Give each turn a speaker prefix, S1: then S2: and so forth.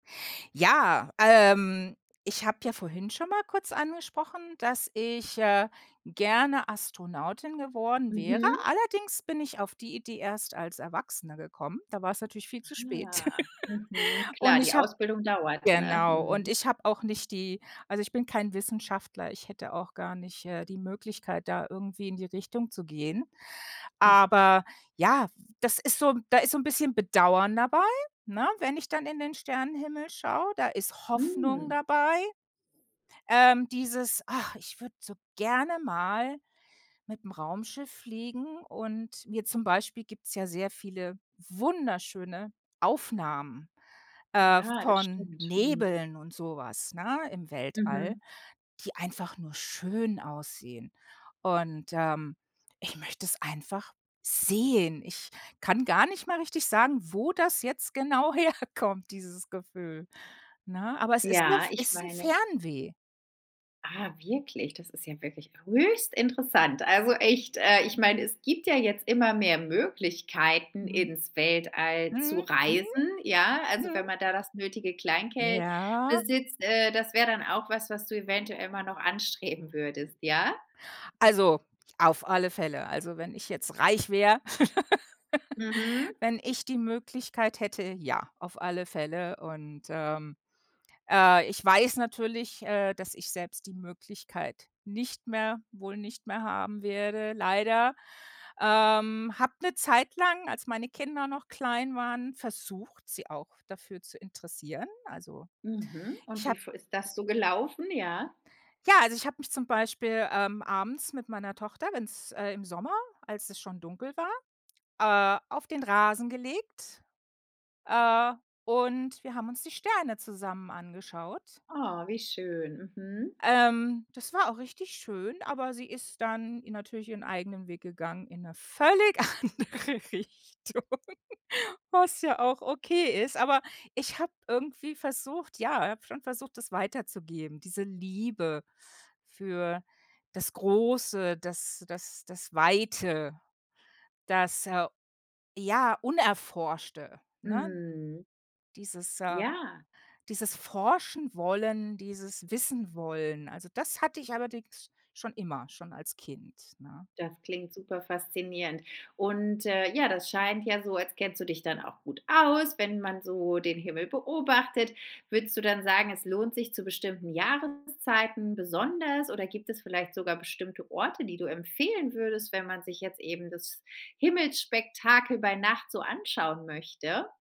S1: Ja, ähm, ich habe ja vorhin schon mal kurz angesprochen, dass ich, äh, gerne Astronautin geworden wäre.
S2: Mhm.
S1: Allerdings bin ich auf die Idee erst als Erwachsener gekommen. Da war es natürlich viel zu spät.
S2: Ah, mhm.
S1: Und
S2: Klar, die
S1: ich habe
S2: Ausbildung dauert, ne?
S1: genau, und
S2: Mhm.
S1: ich habe auch nicht die also, ich bin kein Wissenschaftler, ich hätte auch gar nicht, äh, die Möglichkeit, da irgendwie in die Richtung zu gehen, aber ja, w das ist so da ist so 'n bisschen Bedauern dabei, ne, wenn ich dann in den Sternenhimmel schaue, da ist Hoffnung
S2: Mhm.
S1: dabei, ähm, dieses: „Ach, ich würde so gerne mal mit'm Raumschiff fliegen, und mir zum Beispiel "gibt's ja sehr viele wunderschöne Aufnahmen, äh,
S2: Ja, das
S1: von
S2: stimmt. Mhm.
S1: Nebeln und so was, ne, im Weltall,
S2: Mhm.
S1: die einfach nur schön aussehen. Und, ähm, ich möchte es einfach sehen. Ich kann gar nicht mal richtig sagen, wo das jetzt genau herkommt, dieses Gefühl, ne? Aber es ist ne
S2: Ja, ich
S1: ist 'n
S2: meine
S1: Fernweh.
S2: Ah wirklich, das ist ja wirklich höchst interessant. Also echt, äh, ich mein, es gibt ja jetzt immer mehr Möglichkeiten,
S1: Mhm.
S2: ins Weltall zu
S1: Mhm. Mhm.
S2: reisen, ja? Also,
S1: Mhm.
S2: wenn man da das nötige Kleingeld
S1: Ja.
S2: besitzt, äh das wäre dann auch was, was du eventuell mal noch anstreben würdest, ja?
S1: Also, auf alle Fälle. Also, wenn ich jetzt reich wäre
S2: Mhm.
S1: wenn ich die Möglichkeit hätte, ja. Auf alle Fälle. Und, ähm, äh, ich weiß natürlich, äh, dass ich selbst die Möglichkeit nicht mehr wohl nicht mehr haben werde, leider, ähm habe 'ne Zeit lang, als meine Kinder noch klein waren, versucht, sie auch dafür zu interessieren. Also,
S2: Mhm. Und
S1: ich
S2: wie
S1: habe
S2: f ist das so gelaufen, ja?
S1: ja, also, ich habe mich, zum Beispiel, ähm, abends mit meiner Tochter, wenn's äh, im Sommer, als es schon dunkel war, äh, auf den Rasen gelegt, äh, und wir haben uns die Sterne zusammen angeschaut.
S2: Oh, wie schön. Mhm.
S1: Ähm, das war auch richtig schön, aber sie ist dann natürlich ihren eigenen Weg gegangen, in 'ne völlig andere Richtung, was ja auch okay ist. Aber ich habe irgendwie versucht ja, habe schon versucht, das weiterzugeben, diese Liebe für das Große, das das das Weite, das, äh, ja, Unerforschte, ne?
S2: Mhm.
S1: Dieses, äh
S2: Ja.
S1: dieses Forschenwollen, dieses Wissenwollen. Also, das hatte ich allerdings schon immer, schon als Kind, ne?
S2: Das klingt super faszinierend. Und, äh, ja, das scheint ja so, als kennst du dich dann auch gut aus, wenn man so den Himmel beobachtet. Würdest du dann sagen, es lohnt sich zu bestimmten Jahreszeiten besonders oder gibt es vielleicht sogar bestimmte Orte, die du empfehlen würdest, wenn man sich jetzt eben das Himmelsspektakel bei Nacht so anschauen möchte?